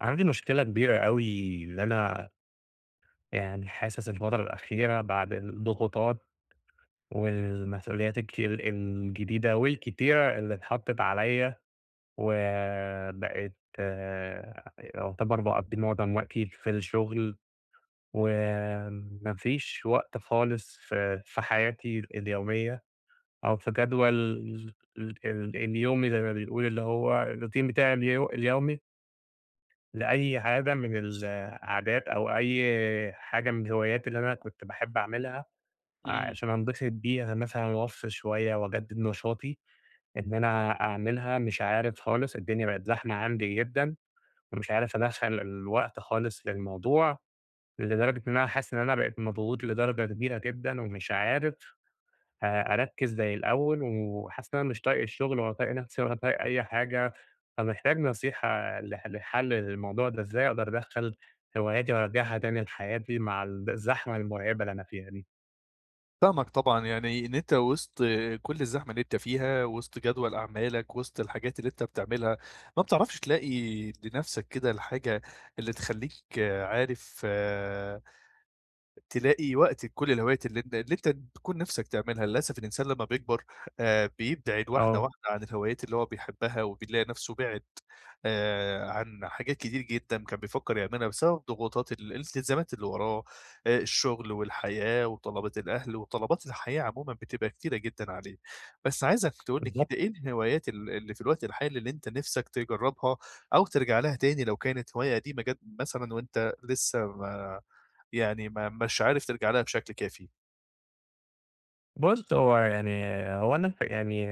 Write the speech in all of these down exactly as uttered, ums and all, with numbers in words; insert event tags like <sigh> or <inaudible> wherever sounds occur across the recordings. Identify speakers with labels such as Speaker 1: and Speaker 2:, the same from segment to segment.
Speaker 1: عندي مشكلة كبيرة أوي، اللي أنا يعني حاسس الفترة الأخيرة بعد الضغوطات، والمسؤوليات الك الجديدة والكتيرة اللي إتحطت عليَّ، وبقيت يُعتبر باقضي معظم وقتي في الشغل، وما فيش وقت خالص ف في حياتي اليومية أو في جدول ال ال اليومي زي ما بيقول، اللي هو الروتين بتاعي الي اليومي. لأي عادة من العادات أو أي حاجة من الهوايات اللي أنا كنتَ باحب أعملها،
Speaker 2: إمم.
Speaker 1: عشان أنبسط بيها مثلًا، و أفصل شويّة وأجدد نشاطي، إن أنا أعملها، مش عارف خالص، الدنيا بقت زحمة عندي جدًا، ومش عارف أدخل الوقت خالص في الموضوع، لدرجة إن أنا حاسس إن أنا بقيت مضغوط لدرجة كبيرة جدًا، ومش عارف أ أركز زي الأوّل، وحاسس إن أنا مش طايق الشغل، ولا طايق نفسي ولا أي حاجة. فمحتاج نصيحة ل لحل الموضوع ده إزاي، أقدر أدخل هواياتي و أرجعها تاني لحياتي مع ال الزحمة المرعبة اللي أنا فيها دي؟
Speaker 2: فاهمك طبعًا، يعني إن أنت وسط كل الزحمة اللي أنت فيها، وسط جدول أعمالك وسط الحاجات اللي أنت بتعملها، ما بتعرفش تلاقي لنفسك كده الحاجة اللي تخليك عارف تلاقي وقتك لكل الهوايات اللي أنت اللي أنت بتكون نِفسَك تعملها، للأسف الإنسان لما بيكبر آآ، بيبدعد واحدة
Speaker 1: آه.
Speaker 2: واحدة عن الهوايات اللي هو بيحبها، وبيلاقي نفسه بِعِد آآ، عن حاجات كتيرة جدًا كان بيفكر يعملها بسبب ضغوطات ال الالتزامات اللي وراه، آآ، الشغل والحياة وطلبات الأهل وطلبات الحياة عمومًا بتبقى كتيرة جدًا عليه، بس عايزك تقول لي
Speaker 1: بالضبط.
Speaker 2: كده إيه الهوايات ال اللي في الوقت الحالي اللي أنت نفسك تجرّبها، أو ترجع لها تاني لو كانت هواية قديمة جد مثلًا وأنت لسه ما يعني ما مش عارف ترجع لها بشكل كافي؟
Speaker 1: بُصّ، هو يعني هو أنا ف يعني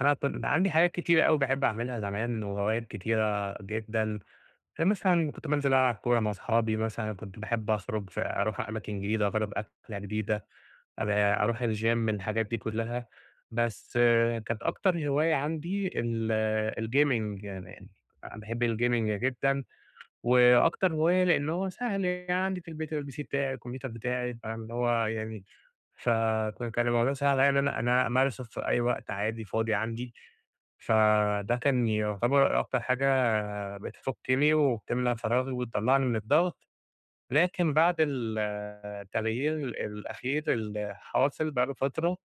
Speaker 1: أنا أصلًا عندي حاجات كتيرة أوي باحب أعملها زمان وهوايات كتيرة جدًا، فمثلًا كنت بانزل ألعب كورة مع صحابي مثلًا، كنت باحب أخرج ف أرُوح أماكن جديدة، أجرب أكلة جديدة، أل أرُوح الجيم، الحاجات دي كلها، بس كانت أكتر هواية عندي ال الgaming يعني باحب الgaming جدًا، وأكتر هواية لأن هو سهل يعني، عندي في البيت الPC بتاعي، الكمبيوتر بتاعي، فاهم؟ اللي هو يعني فك كان الموضوع سهل عليَّ إن أنا أنا أمارسه في أي وقت عادي فاضي عندي، فده كان يُعتبر أكتر حاجة بتفكني وبتملا فراغي وتطلعني من الضغط، لكن بعد ال التغيير الأخير اللي حاصل بقى له فترة،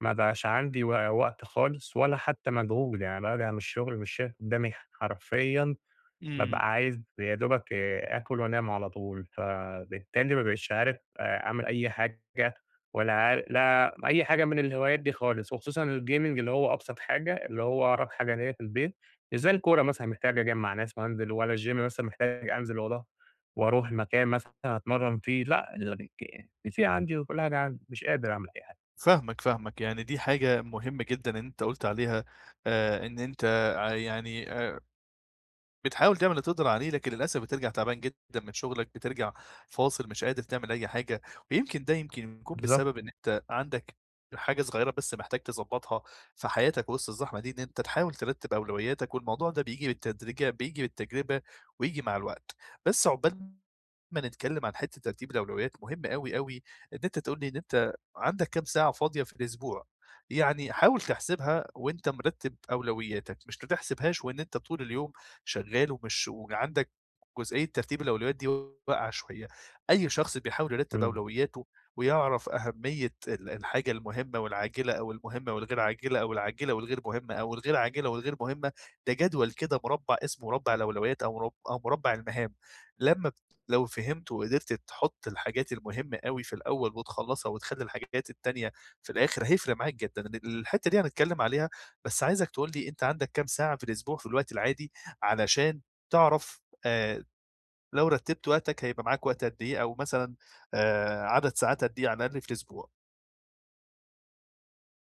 Speaker 1: ما بقاش عندي و وقت خالص ولا حتى مجهود، يعني بارجع من الشغل مش شايف قدامي حرفيًا،
Speaker 2: إمم.
Speaker 1: بابقى عايز يا دوبك آكل وأنام على طول، فبالتالي ما بقيتش عارف أ أعمل أي حاجة ولا عار لا أي حاجة من الهوايات دي خالص، وخصوصًا الgaming اللي هو أبسط حاجة، اللي هو أقرب حاجة ليّا في البيت، مش زي الكورة مثلًا محتاج أجمّع ناس وأنزل والّا الجيم مثلًا محتاج أنزل وارو وارُوح مكان مثلًا أتمرن فيه، لأ <unintelligible> الPC عندي وكل حاجة عندي، مش قادر أعمل أي حاجة.
Speaker 2: فاهمك فاهمك، يعني دي حاجة مهمة جدًا إن أنت قلت عليها آآ، إن أنت ع يعني آآ بتحاول تعمل اللي تقدر عليه، لكن للأسف بترجع تعبان جدًا من شغلك، بترجع فاصل مش قادر تعمل أي حاجة، ويمكن ده يمكن يكون
Speaker 1: بالضبط.
Speaker 2: بسبب إن أنت عندك حاجة صغيرة بس محتاج تضبّطها في حياتك وسط الزحمة دي، إن أنت تحاول ترتب أولوياتك، والموضوع ده بييجي بالتدريجة بييجي بالتجربة وييجي مع الوقت، بس عقبال ما نتكلم عن حتّة ترتيب الأولويات، مهم أوي أوي إن أنت تقول لي إن أنت عندك كام ساعة فاضية في الأسبوع؟ يعني حاول تحسبها وأنت مرتب أولوياتك، مش بتحسبهاش وإن أنت طول اليوم شغال ومش وعندك جزئية ترتيب الأولويات دي واقعة شوية. أي شخص بيحاول يرتب
Speaker 1: إمم.
Speaker 2: أولوياته ويعرف أهمية ال الحاجة المهمة والعاجلة أو المهمة والغير عاجلة أو العاجلة والغير مهمة أو الغير عاجلة والغير مهمة، ده جدول كده مربع اسمه مربع الأولويات أو مر أو مربع المهام، لمّا لو فهمته وقدرت تحط الحاجات المهمة أوي في الأول وتخلّصها وتخلّي الحاجات التانية في الآخر، هيفرق معاك جدًا إن الحتّة دي هنتكلم عليها بس عايزك تقول لي أنت عندك كام ساعة في الأسبوع في الوقت العادي علشان تعرف آآ، لو رتبت وقتك هيبقى معاك وقت قدّ إيه، أو مثلًا آآ، عدد ساعات قدّ إيه على الأقل في الأسبوع؟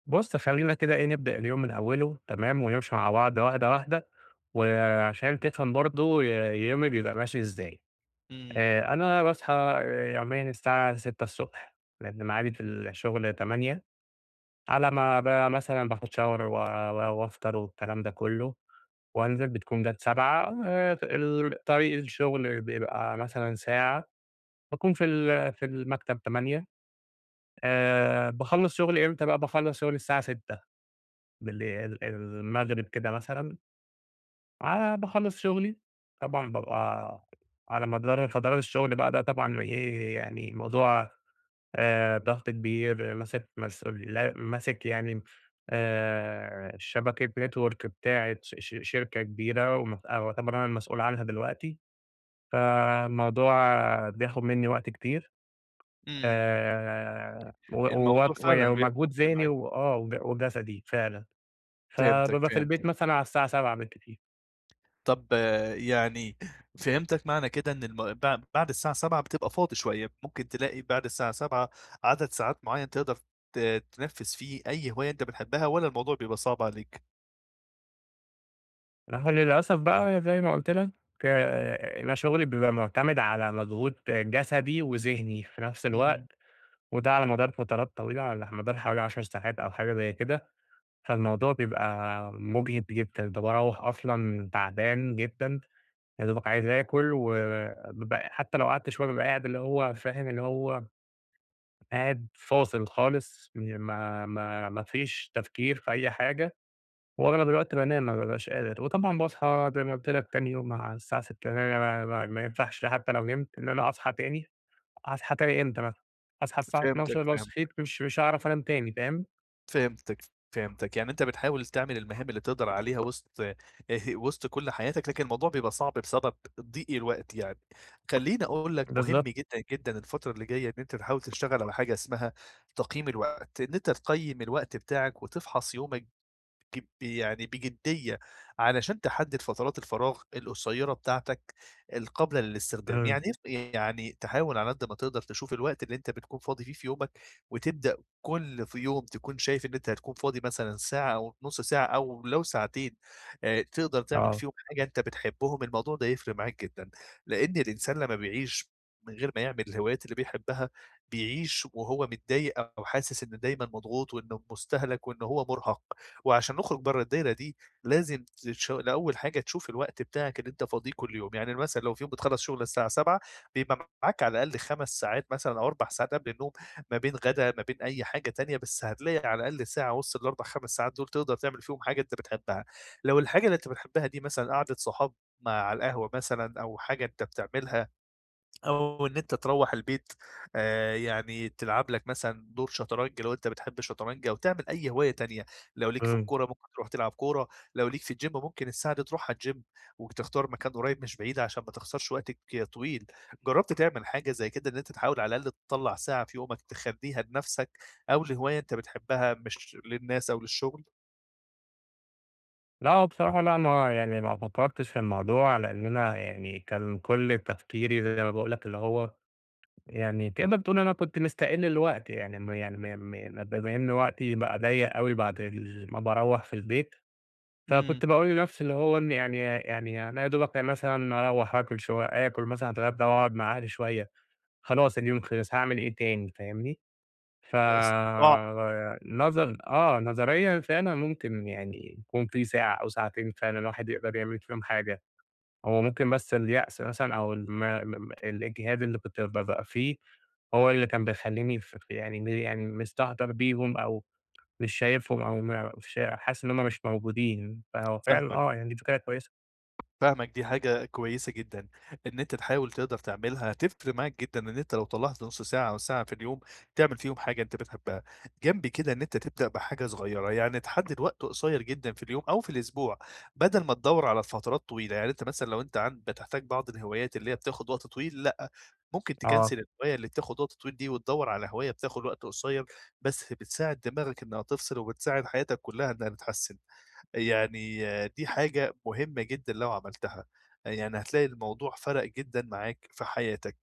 Speaker 1: بُصّ، خلينا كده إيه نبدأ اليوم من أوله، تمام؟ ونمشي مع بعض واحدة واحدة، وعشان تفهم برضو ي يومي بيبقى ماشي إزاي،
Speaker 2: امم.
Speaker 1: آآ، أنا باصحى آآ، يوميًا الساعة ستة الصبح لأن ميعادي في الشغل تمانية، على ما ب مثلًا باخد Shower و و وأفطر والكلام ده كله، وأنزل بتكون جات سبعة، آآ، ت الطريق الشغل بيبقى مثلًا ساعة، باكون في ال في المكتب تمانية، آآ، باخلّص شغلي إمتى بقى؟ باخلص شغلي الساعة ستة بالليل المغرب كده مثلًا ع باخلّص شغلي، طبعًا بابقى على مدار فترات الشغل بقى ده طبعًا إيه يعني الموضوع آآ، ضغط كبير، ماسك مسؤول ل ماسك يعني آآ، شبكة Network بتاعة ش ش شركة كبيرة ومتأ ويعتبر أنا المسؤول عنها دلوقتي، فالموضوع بياخد مني وقت كتير،
Speaker 2: امم،
Speaker 1: آآ، و واك
Speaker 2: الموضوع فعلًا بياخد
Speaker 1: ومجهود
Speaker 2: وقت
Speaker 1: ذهني
Speaker 2: معاك.
Speaker 1: وآه وج وجسدي فعلًا،
Speaker 2: فهمتك
Speaker 1: فبابقى في البيت
Speaker 2: فهمتك.
Speaker 1: مثلًا على الساعة سبعة بالكتير.
Speaker 2: طب يعني فهمتك معنى كده إن الم بع بعد الساعة سبعة بتبقى فاضي شوية، ممكن تلاقي بعد الساعة سبعة عدد ساعات معين تقدر ت تنفّذ فيه أي هواية أنت بتحبها والّا الموضوع بيبقى صعب عليك؟
Speaker 1: ما هو للأسف بقى زي ما قلت لك، آآ، أنا شغلي بيبقى مُعتمد على مجهود جسدي وذهني في نفس
Speaker 2: امم.
Speaker 1: الوقت، وده على مدار فترات طويلة، على مدار حوالي عشر ساعات أو حاجة زي كده، فالموضوع بيبقى مجهِد جدًا، كنت باروّح أصلًا تعبان جدًا يا دوبك عايز آكل و و ب حتى لو قعدت شوية بابقى قاعد اللي هو فاهم اللي هو قاعد فاصل خالص، ي ما ما ما فيش تفكير في أي حاجة، وأغلب الوقت بانام، ما بابقاش قادر، وطبعًا باصحى زي ما قلت لك تاني يوم على الساعة ستة، <unintelligible> ما ينفعش حتى لو نمت إن أنا أصحى تاني، هاصحى تاني إمتى مثلًا؟ هاصحى الساعة اتناشر،
Speaker 2: فهمتك،
Speaker 1: لو
Speaker 2: فهمتك.
Speaker 1: صحيت مش مش هأعرف أنام تاني، فاهم؟
Speaker 2: فهمتك، فهمتك، يعني أنت بتحاول تعمل المهام اللي تقدر عليها وسط آآ وسط كل حياتك، لكن الموضوع بيبقى صعب بسبب ضيق الوقت يعني، خليني أقول لك مهم
Speaker 1: بالضبط.
Speaker 2: جدًا جدًا الفترة اللي جاية إن أنت تحاول تشتغل على حاجة اسمها تقييم الوقت، إن أنت تقيّم الوقت بتاعك وتفحص يومك ج يعني بجدية علشان تحدد فترات الفراغ القصيّرة بتاعتك القابلة للاستخدام،
Speaker 1: امم.
Speaker 2: يعني إيه يعني تحاول على قدّ ما تقدر تشوف الوقت اللي أنت بتكون فاضي فيه في يومك، وتبدأ كل ف يوم تكون شايف إن أنت هتكون فاضي مثلًا ساعة أو نُص ساعة أو لو ساعتين آآ تقدر تعمل
Speaker 1: آه.
Speaker 2: فيهم حاجة أنت بتحبهم، الموضوع ده هيفرق معاك جدًا لأن الإنسان لما بيعيش من غير ما يعمل الهوايات اللي بيحبها بيعيش وهو متضايق أو حاسس إنه دايمًا مضغوط وإنه مستهلَك وإنه هو مرهق، وعشان نخرج بره الدايرة دي لازم تش الأول حاجة تشوف الوقت بتاعك اللي أنت فاضيه كل يوم، يعني مثلًا لو في يوم بتخلص شغل الساعة سبعة بيبقى معاك على الأقل خمس ساعات مثلًا أو أربع ساعات قبل النوم، ما بين غدا ما بين أي حاجة تانية، بس هتلاقي على الأقل ساعة وسط الأربع خمس ساعات دول تقدر تعمل فيهم حاجة أنت بتحبها، لو الحاجة اللي أنت بتحبها دي مثلًا قعدة صحاب م على القهوة مثلًا أو حاجة أنت بتعملها، أو إن أنت تروّح البيت آآ، يعني تلعب لك مثلًا دور شطرنج لو أنت بتحب الشطرنج أو تعمل أي هواية تانية، لو ليك في
Speaker 1: امم.
Speaker 2: الكورة ممكن ترُوح تلعب كورة، لو ليك في الجيم ممكن الساعة دي ترُوحها الجيم وتختار مكان قريّب مش بعيد علشان ما تخسرش وقتك ك طويل، جربت تعمل حاجة زي كده إن أنت تحاول على الأقل تطلّع ساعة في يومك تخليها لنفسك، أو لهواية أنت بتحبها مش للناس أو للشغل؟
Speaker 1: لأ هو بصراحة لأ ما هو يعني ما فكَّرتِش في الموضوع، لأن أنا يعني كان كل التفكيري زي ما باقول لك اللي هو يعني تقدَر تقول أنا كنت مِستَقِل الوقت يعني مي م مي يعني ما بما إن وقتي بقى ضَيَّق أوي بعد ال ما باروَّح في البيت،
Speaker 2: إمم.
Speaker 1: فكنت باقول لنفسي اللي هو إن يعني يع يع يعني أنا يا دوبك مثلًا أروح آكل شوي آكل مثلًا اتغدي وأقعد مع أهلي شويّة، خلاص اليوم خلص هاعمِل إيه تاني، فاهمني؟
Speaker 2: استطلاع.
Speaker 1: فب نظن آه نظريًا فعلًا ممكن يعني يكون في ساعة أو ساعتين فعلًا الواحد يقدر يعمل فيهم حاجة، هو ممكن بس اليأس مثلًا أو الم م م الإجهاد اللي كنت ب بأبقى فيه، هو اللي كان بيخليني ف ف يعني م يعني مِستهتَر بيهم أو مش شايفهم أو م فش ح حاسس إن هم مِش موجودين، فهو فعلًا
Speaker 2: فاهمَك.
Speaker 1: آه يعني دي فكرة كويّسة.
Speaker 2: فاهمَك دي حاجة كويّسة جدًا، إن أنتَ تحاوِل تِقدَر تعملها هتفرق معاك جدًا إن أنتَ لو طلَّعت نص ساعة أو ساعة في اليوم تِعمِل فيهم حاجة أنت بتحبها. جَنب كده إن أنتَ تبدأ بحاجة صغيّرة، يعني تحدد وقت قصيّر جدًا في اليوم أو في الإسبوع، بدل ما تدوَّر على فترات طويلة، يعني أنت مثلًا لو أنت عند بتحتاج بعض الهِوايات اللي هي بتاخد وقت طويل لأ، ممكن
Speaker 1: آه.
Speaker 2: تكَنسِل الهواية اللي بتاخد وقت طويل دي وتدوَّر على هواية بتاخد وقت قصيّر، بس بتساعد دماغك إنّها تفصِل وبتساعد حياتَك كلّها إنّها تتحسن. يعني دي حاجة مهمَّة جدًا لو عملتها، يعني هتلاقي الموضوع فَرَق جدًا معاك في حياتك،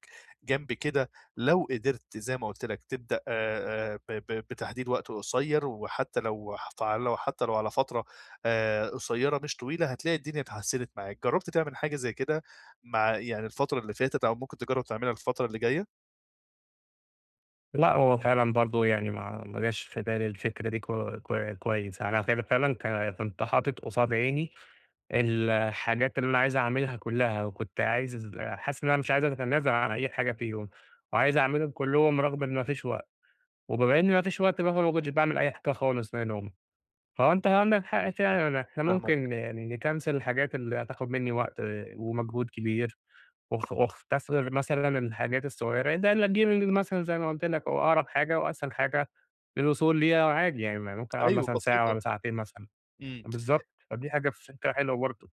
Speaker 2: جَنب كده لو قدِرت زي ما قُلت لَك تبدأ آآ آآ ب ب بتحديد وقت قصيّر وحتّى لو حتع لو حتّى لو على فترة آآ قصيّرة مش طويلة هتلاقي الدنيا اتحسنت معاك، جرَّبت تعمل حاجة زي كده؟ مع يعني الفترة اللي فاتت أو ممكن تجرَّب تعمِلها الفترة اللي جايّة؟
Speaker 1: لأ هو فعلًا برضو يعني ما ما جاش في بالي الفكرة دي ك ك كويّس، أنا ف فعلًا ك كنت حاطط قصاد عيني الحاجات اللي أنا عايز أعملها كلّها، وكنت عايز حاسس إن أنا مش عايز أتنازل عن أي حاجة فيهم، وعايز أعملهم كلّهم رغم إن ما فيش وقت، وبما إن ما فيش وقت بقى فما كنتش باعمل أي حاجة خالص منهم، فهو أنت عندك حق فعلًا إحنا
Speaker 2: فاهمك.
Speaker 1: ممكن يعني نكنسل الحاجات اللي هتاخد مِنّي وقت ومجهود كبير، واخ واختصر مثلًا الحاجات الصغيّرة <unintelligible> الgaming مثلًا زي ما قلت لك هو أقرب حاجة وأسهل حاجة، للوصول ليها وعادي يعني، ما ممكن أقعد
Speaker 2: .أيوه
Speaker 1: مثلًا ساعة
Speaker 2: بسيطة.
Speaker 1: والَّا ساعتين مثلًا
Speaker 2: إمم.
Speaker 1: بالضبط، فدي حاجة فكرة حلوة برضو.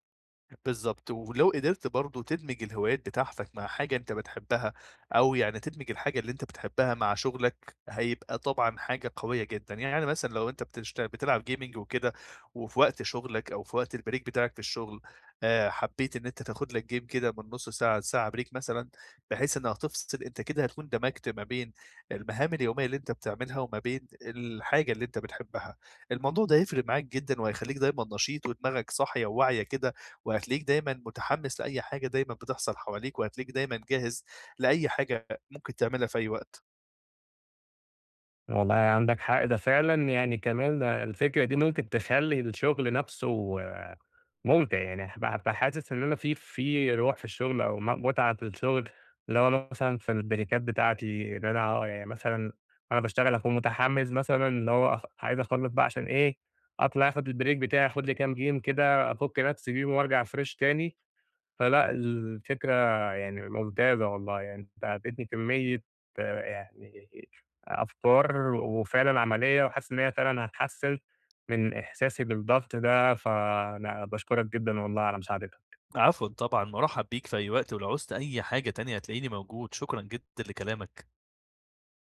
Speaker 2: بالضبط ولو قدرت برضو تدمج الهوايات بتاعتك مع حاجة أنت بتحبها، أو يعني تدمج الحاجة اللي أنت بتحبها مع شغلك، هيبقى طبعًا حاجة قويّة جدًا، يعني مثلًا لو أنت بتشت بتلعب gaming وكده وفي وقت شغلك أو في وقت البريك بتاعك في الشغل، آآ حبّيت إن أنت تاخد لك جيم كده من نص ساعة لساعة بريك مثلًا بحيث إنّها تفصِل، أنت كده هتكون دمجت ما بين المهام اليوميّة اللي أنت بتعملها وما بين الحاجة اللي أنت بتحبها، الموضوع ده هيفرق معاك جدًا، وهيخليك دايمًا نشيط ودماغك صاحية وواعية كده، وهتلاقيك دايمًا متحمّس لأي حاجة، دايمًا بتحصَل حواليك وهتلاقيك دايمًا جاهز لأي حاجة ممكن تعملها في أي وقت.
Speaker 1: والله عندك حق ده فعلًا يعني ده كمان الفكرة دي ممكن تخلّي الشغل نفسه مُمتِع يعني، فحاسس إن أنا في في روح في الشغل أو م متعة في الشغل اللي هو مثلًا في البريكات بتاعتي إن أنا يعني مثلًا أنا باشتغل أكون متحمّس مثلًا اللي هو أخ عايز أخلص بقى عشان إيه أطلع أخد البريك بتاعي أخد لي كام جيم كده افك نفسي بيهم, وأرجع فريش تاني، فلأ الفكرة يعني ممتازة والله يعني أنت اديتني كميّة آآ يعني أفكار وفعلًا عمليّة وحاسس إن هي فعلًا هتحسن من إحساسي بالضبط ده، فأنا باشكرك جدًا والله على مساعدتك.
Speaker 2: عفوًا طبعًا مُرحَّب بيك في أي وقت، ولو عُزت أي حاجة تانية هتلاقيني موجود شكرًا جدًا لكلامك.